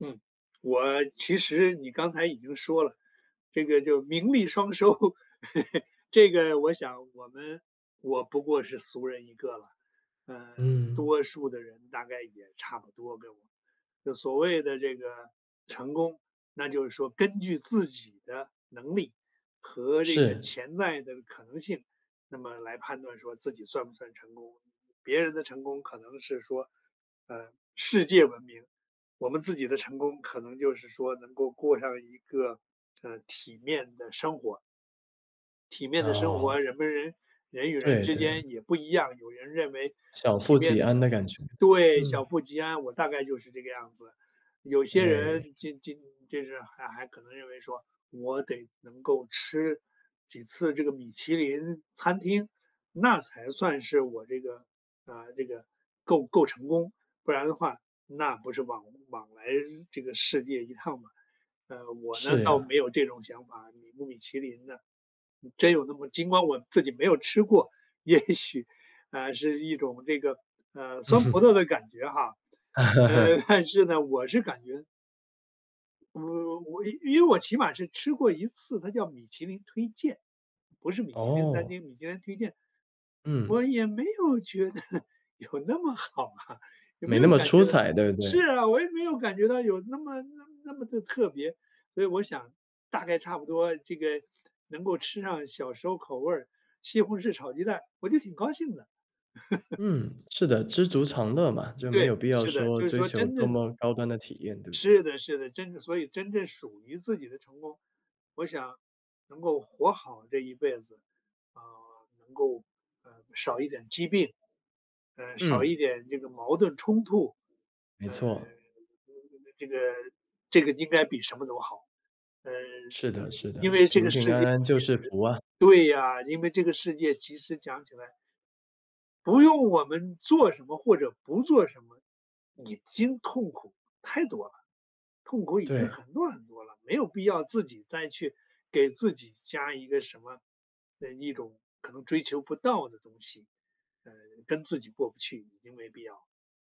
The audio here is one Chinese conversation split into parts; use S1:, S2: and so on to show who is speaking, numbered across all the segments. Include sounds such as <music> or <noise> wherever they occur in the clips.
S1: 嗯，我其实你刚才已经说了，这个就名利双收。<chuckles> 这个我想我们我不过是俗人一个了，呃，
S2: 嗯。
S1: 多数的人大概也差不多跟我就所谓的这个成功，那就是说根据自己的能力和这个
S2: 是。
S1: 潜在的可能性，那么来判断说自己算不算成功。别人的成功可能是说，呃，世界文明，我们自己的成功可能就是说能够过上一个，呃，体面的生活。体面的生活，
S2: 哦。
S1: 人们人人与人
S2: 对，
S1: 之
S2: 对。
S1: 间也不一样，有人认为
S2: 小
S1: 体
S2: 富
S1: 面
S2: 即
S1: 的
S2: 安
S1: 成
S2: 的感觉，
S1: 对，
S2: 嗯。
S1: 小富即安，我大概就是这个样子。有些
S2: 哎。
S1: 人进进就是还还可能认为说我得能够吃几次这个米其林餐厅，那才算是我这个啊，这个够够成功，不然的话，那不是枉枉来这个世界一趟嘛。呃，我呢，
S2: 是
S1: 倒
S2: 呀。
S1: 没有这种想法，米不米其林呢，真有那么尽管我自己没有吃过，也许，啊，是一种这个，呃，酸葡萄
S2: <chuckles>
S1: 的感觉哈，呃，
S2: <chuckles>
S1: <chuckles> 但是呢，我是感觉我我因为我起码是吃过一次，它叫米其林推荐，不是米其林餐
S2: 哦。
S1: 厅，米其林推荐。我
S2: 嗯。
S1: 也没有觉得有那么好啊，也
S2: 没
S1: 没
S2: 那
S1: 有
S2: 么
S1: 感
S2: 出
S1: 觉到
S2: 彩，对不
S1: 是
S2: 对？
S1: 啊，我也没有感觉到有那么那么那么的特别。所以我想大概差不多这个能够吃上小时候口味儿，西红柿炒鸡蛋，我就挺高兴的。<chuckles>
S2: 嗯，是的，知足常乐嘛，就没
S1: 对，
S2: 有必要
S1: 是的，
S2: 说
S1: 就是
S2: 追
S1: 说
S2: 求
S1: 真
S2: 多
S1: 的
S2: 么高端的体验，对不对？
S1: 是的，是的，真的，所以真正属于自己的成功，我想能够活好这一辈子，啊，能够，呃，少一点疾病，呃，少一
S2: 嗯。
S1: 点这个矛盾冲突，
S2: 没
S1: 呃，
S2: 错。
S1: 这个这个这个这个应该比什么都好，呃，
S2: 是的，是
S1: 因为
S2: 的，
S1: 因为这个
S2: 平平
S1: 世
S2: 安
S1: 界
S2: 安就
S1: 其
S2: 是
S1: 实
S2: 福啊。
S1: 对呀，因为这个世界其实讲起来不用我们做什么或者不做什么，已经痛苦太多了，痛苦已经
S2: 对。
S1: 很多很多了，没有必要自己再去给自己加一个什么呃，一种可能追求不到的东西，呃跟自己过不去，已经没必要。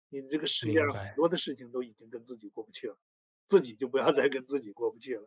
S1: 因为这个世界上
S2: 明
S1: 很
S2: 白。
S1: 多的事情都已经跟自己过不去了，自己就不要再跟自己过不去了。